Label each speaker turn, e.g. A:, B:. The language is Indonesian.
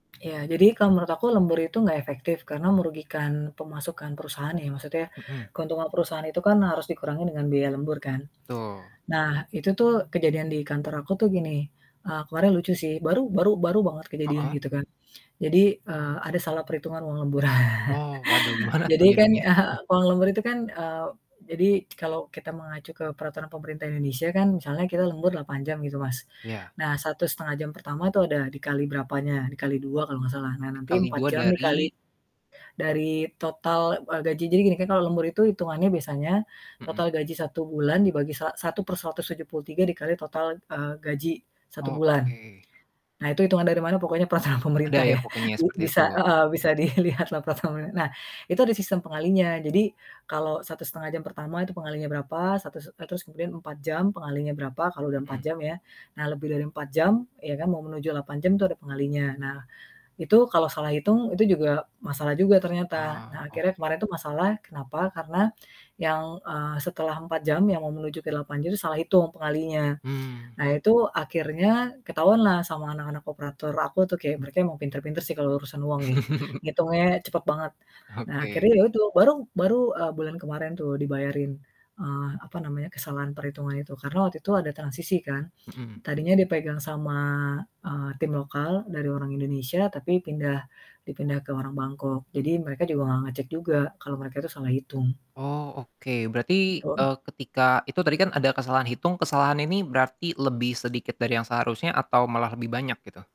A: Ya jadi kalau menurut aku lembur itu gak efektif karena merugikan pemasukan perusahaan ya, maksudnya
B: Mhm.
A: keuntungan perusahaan itu kan harus dikurangi dengan biaya lembur kan.
B: Betul.
A: Nah itu tuh kejadian di kantor aku tuh gini, eee, kemarin lucu sih, baru baru baru banget kejadian
B: Heeh.
A: gitu kan. Jadi, eee, ada salah perhitungan uang lembur.
B: Wow waduh, gimana
A: Jadi
B: tuh
A: kan,
B: jadinya?
A: uang lembur itu kan, eee, jadi kalau kita mengacu ke peraturan pemerintah Indonesia kan, misalnya kita lembur 8 jam gitu, Mas.
B: Ya.
A: Nah 1,5 jam pertama itu ada dikali berapanya, dikali 2 kalau ga salah. Nah nanti
B: Dikali
A: 4
B: 2
A: jam dikali
B: dari?
A: dari total, eee, gaji. Jadi gini kan kalau lembur itu itungannya biasanya,
B: Mhm.
A: total gaji 1 bulan dibagi sa satu per 173 dikali total, eee, gaji 1
B: Oh
A: bulan.
B: oke.
A: Nah itu hitungan dari mana pokoknya peraturan
B: Ada
A: pemerintah
B: ya
A: ya.
B: pokoknya
A: B
B: seperti
A: bisa
B: itu.
A: heeh, bisa dilihatlah peraturan [unintelligible] nah itu ada sistem pengalinya. Jadi kalau 1,5 jam pertama itu pengalinya berapa, satu s e terus kemudian 4 jam pengalinya berapa, kalau udah 4
B: Mhm.
A: jam ya. Nah lebih dari 4 jam ya kan, mau menuju 8 jam tuh ada pengalinya. Nah itu kalau salah hitung, itu juga masalah juga ternyata.
B: Oh
A: Nah
B: oke.
A: akhirnya kemarin itu masalah kenapa? Karena yang, eee, setelah 4 jam yang mau menuju ke 8 jam itu salah hitung pengalinya.
B: Hmm.
A: Nah itu akhirnya ketahuanlah sama anak-anak operator aku tuh, kayak mereka emang pinter-pinter sih kalau urusan uang ya, ngitungnya cepet banget. Nah
B: Oke.
A: akhirnya ya itu, baru baru, eee, bulan kemarin tuh dibayarin, eee, apa namanya, kesalahan perhitungan itu, karena waktu itu ada transisi kan.
B: Mhm.
A: Tadinya dipegang sama, eee, tim lokal dari orang Indonesia, tapi pindah, dipindah ke orang Bangkok jadi mereka juga gak ngecek juga kalau mereka itu salah hitung.
B: Oh oke, berarti,
A: Ipon
B: eee, ketika itu tadi kan ada kesalahan hitung, kesalahan ini berarti lebih sedikit dari yang seharusnya atau malah lebih banyak gitu?